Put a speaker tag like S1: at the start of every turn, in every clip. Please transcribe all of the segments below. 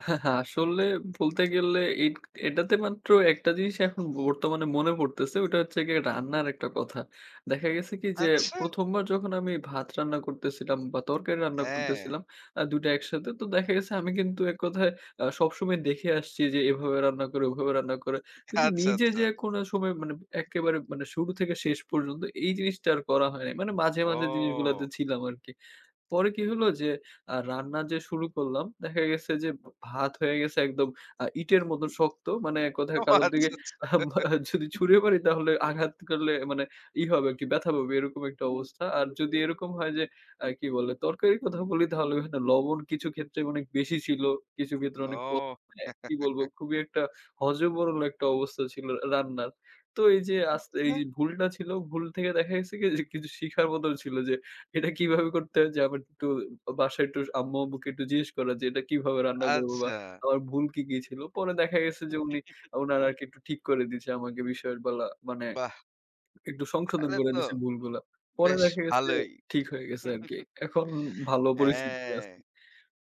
S1: আসলে বলতে গেলে এট এটাতে মাত্র একটা জিনিস এখন ব বর্তমানে মনে পড়তেছে। ওটা হচ্ছে গিয়ে
S2: হুম, হুম।
S1: রান্নার একটা কথা। দেখা গেছে কি যে,
S2: আচ্ছা।
S1: ১ম বার যখন আমি ভাত রান্না করতেছিলাম বা তরকারি রান্না
S2: হ্যাঁ।
S1: করতেছিলাম আ ২ টা একসাথে তো দেখা গেছে আমি কিন্তু এককথায় আ সবসময় দেখে আসছি যে, এভাবে রান্না করে ওভাবে রান্না করে কিন্তু
S2: আচ্ছা,
S1: নিজে
S2: আচ্ছা।
S1: যে, কোন সময় মানে একেবারে মানে শুরু থেকে শেষ পর্যন্ত এই জিনিসটা আর করা হয় নাই। মানে মাঝে, মাঝে জিনিসগুলাতে
S2: ও।
S1: ছিলাম আরকি। পরে কি হলো যে, আ রান্না যে, শুরু করলাম দেখা গেছে যে, ভ ভাত হয়ে গেছে একদম আ ইটের মত শক্ত। মানে এক
S2: ও
S1: কথায় কারো
S2: আচ্ছা,
S1: দিকে
S2: আচ্ছা।
S1: যদি ছুঁড়ে মারি তাহলে আঘাত করলে মানে ই হবে আরকি ব্যথা পাবে এরকম একটা অবস্থা। আর যদি এরকম হয় যে, আ কি বলে তরকারির কথা বলি তাহলে কিন্তু লবণ কিছু ক্ষেত্রে অনেক বেশি ছিল কিছু ক্ষেত্রে আনেক, ক
S2: ও।
S1: আ কি বলবো খুবই একটা হজবরল একটা অবস্থা ছিল আ রান্নার। তো এই যে, আস এই
S2: আচ্ছা।
S1: যে, ভুলটা ছিল, ভুল থেকে দেখা গেছে কি কিছু শিখার মত ছিল যে, এটা কিভাবে করতে হয় যে, আমার একটু বাসায় একটু আম্মু আম্মুকে একটু জিজ্ঞেস করা যে, ‘’এটা কিভাবে রান্না করব বা
S2: আচ্ছা।
S1: আমার ভুল কি, কি ছিল?‘’ পরে দেখা গেছে যে, উনি উনার আরকি একটু ঠিক করে দিয়েছে আমাকে বিষয় বলা মানে
S2: বাহ!
S1: একটু সংশোধন
S2: তাহলে
S1: করে
S2: তো
S1: দিছে ভুলগুলা। পরে
S2: বেশ
S1: দেখা গেছে
S2: ভালোই।
S1: ঠিক হয়ে গেছে আরকি। এখন ভালো পরিস্থিতিতে
S2: হ্যাঁ।
S1: আছি।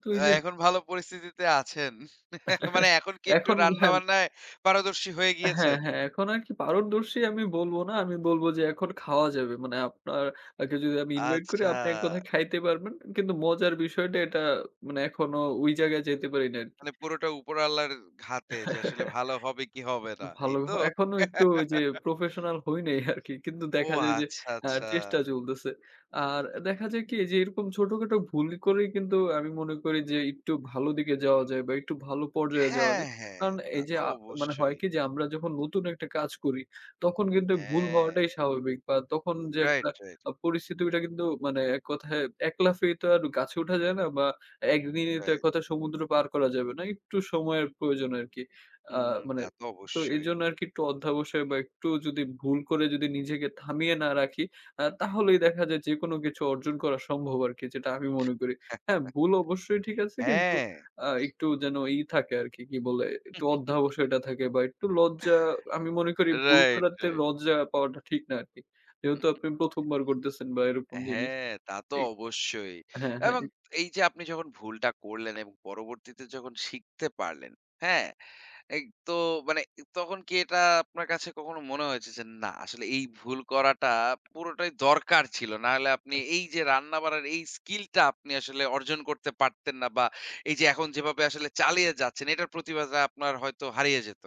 S1: তো এই যে
S2: এখন ভালো পরিস্থিতিতে আছেন। মানে এখন কি একটু
S1: এখন
S2: রান্না
S1: হ্যাঁ
S2: বান্নায় পারদর্শী হয়ে
S1: হ্যাঁ,
S2: গিয়েছেন?
S1: হ্যাঁ, এখন আর কি পারদর্শী আমি বলব না। আমি বলব যে, এখন খাওয়া যাবে। মানে আপনার আগে যদি আমি invite করি
S2: আচ্ছা।
S1: আপনি এককথায় খাইতে পারবেন। কিন্তু মজার বিষয়টা এটা মানে এখনো ঐ জায়গায় যেতে পারি নাই আরকি।
S2: মানে পুরোটা উপর আল্লাহর হাতে যে, আসলে ভালো হবে কি হবে না।
S1: ভাল
S2: এই তো?
S1: এখনো একটু ওই যে, professional হয় নাই আরকি। কিন্তু
S2: ও
S1: দেখা যায় যে,
S2: আচ্ছা,
S1: আ
S2: আচ্ছা।
S1: চেষ্টা চলতেছে। আর দেখা যায় কি যে, এরকম ছোটখাটো ভুল করেই কিন্তু আমি মনে করি যে, একটু ভালো দিকে যাওয়া যায় বা একটু ভালো পর্যায়ে যাওয়া
S2: হ্যাঁ,
S1: যায়
S2: হ্যাঁ।
S1: কারণ
S2: তা
S1: এই যে,
S2: তো
S1: আ মানে হয়
S2: অবশ্যই।
S1: কি যে, আমরা যখন নতুন একটা কাজ করি তখন কিন্তু ভুল
S2: হ্যাঁ।
S1: হওয়াটাই স্বাভাবিক বা তখন যে,
S2: রাইট,
S1: একটা
S2: রাইট।
S1: পরিস্থিতি ওইটা কিন্তু মানে এককথায় ১ লাফে তো আর গাছে উঠা যায় না বা ১ দিনই তো
S2: রাইট।
S1: এককথায় সমুদ্র পার করা যাবে না। একটু সময়ের প্রয়োজন আরকি। আ
S2: হুম,
S1: মানে
S2: তা তো
S1: তো
S2: অবশ্যই।
S1: এজন্য আরকি একটু অধ্যাবসায় বা একটু যদি ভুল করে নিজেকে থামিয়ে না রাখি, আ তাহলেই দেখা যায় যেকোন কিছু অর্জন করা সম্ভব আরকি যেটা আমি মনে করি। হ্যাঁ, ভুল অবশ্যই ঠিক আছে কিন্তু
S2: হ্যাঁ।
S1: আ একটু যেন ই থাকে আরকি, কি বলে একটু অধ্যাবসয়টা থাকে বা একটু লজ্জা আমি মনে করি ভুল
S2: রাইট,
S1: করাতে
S2: রাইট।
S1: লজ্জা পাওয়াটা ঠিক না আরকি। যেহেতু আপনি ১ম বার করতেছেন বা এরকম জিনিস
S2: হ্যাঁ, তা তো
S1: এক
S2: অবশ্যই
S1: হ্যাঁ, হ্যাঁ।
S2: এবং
S1: এক
S2: এই যে, আপনি যখন ভুলটা করলেন এবং পরবর্তীতে যখন শিখতে পারলেন, হ্যাঁ? এগ তো মানে তখন কি এটা আপনার কাছে কখনো মনে হয়েছে যে, না আসলে এই ভুল করাটা পুরোটাই দরকার ছিল? নাহলে আপনি এই যে, রান্নাবাড়ার এই skill টা আপনি আসলে অর্জন করতে পারতেন না বা এই যে, এখন যেভাবে আসলে চালিয়ে যাচ্ছেন এটার প্রতিভাটা আপনার হয়তো হারিয়ে যেত?